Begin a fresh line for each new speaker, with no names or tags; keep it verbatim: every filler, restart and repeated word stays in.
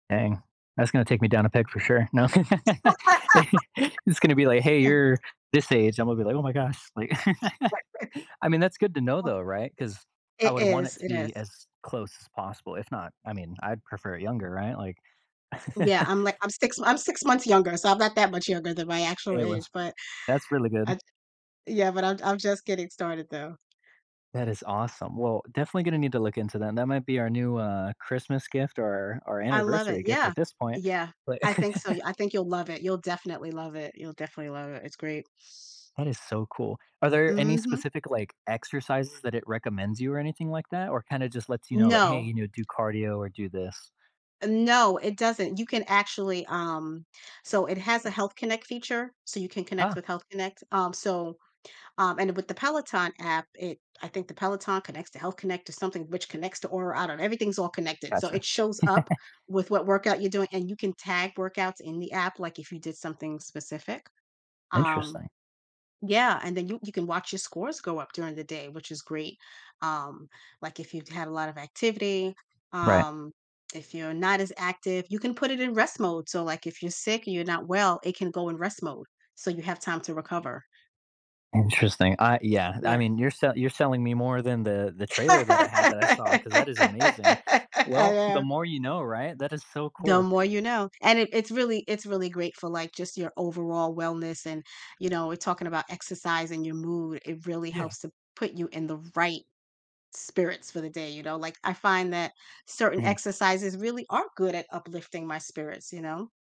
Dang, that's gonna take me down a peg for sure, no, it's gonna be like, "Hey,
[unintelligible]
you're this age," I'm gonna be like, "Oh my gosh," like,
Right, right.
I mean, that's good to know though, right, 'cause I
It
would want
is,
it to
it is.
be as close as possible, if not, I mean, I'd prefer it younger, right, like
Yeah, I'm like, I'm six m I'm six months younger, so I'm not that much younger than my actual
It
age,
was
but
that's really good.
I Yeah, but I'm I'm just getting started though.
That is awesome, well, definitely gonna need to look into that, that might be our new, uh, Christmas gift or or
I love it,
anniversary gift
yeah,
at this point,
yeah,
but
I think so, I think you'll love it, you'll definitely love it, you'll definitely love it, it's great.
That is so cool. Are there any
Mhm.
specific, like, exercises that it recommends you or anything like that or kinda just lets you know like, "Hey,
No.
you know, do cardio or do this?"
No, it doesn't. You can actually, um, so it has a Health Connect feature, so you can connect with
Ah
Health Connect, um, so, um, and with the Peloton app, it, I think the Peloton connects to Health Connect to something which connects to Aura, I don't kn everything's all connected, so
Gotcha.
it shows up with what workout you're doing, and you can tag workouts in the app, like, if you did something specific, um
Interesting.
Yeah, and then you you can watch your scores go up during the day, which is great, um, like, if you've had a lot of activity,
Right.
um, if you're not as active, you can put it in rest mode, so, like if you're sick and you're not well, it can go in rest mode, so you have time to recover.
Interesting, I yeah, I
Yeah.
mean, you're you're selling me more than the the trailer that I had, that I saw 'cause that is amazing,
I
well, the
know.
more you know, right? That is so
The
cool.
more you know, and it it's really, it's really great for like just your overall wellness, and, you know, we're talking about exercising your mood, it really
Yeah.
helps to put you in the right spirits for the day, you know, like, I find that certain
Mhm.
exercises really are good at uplifting my spirits, you know?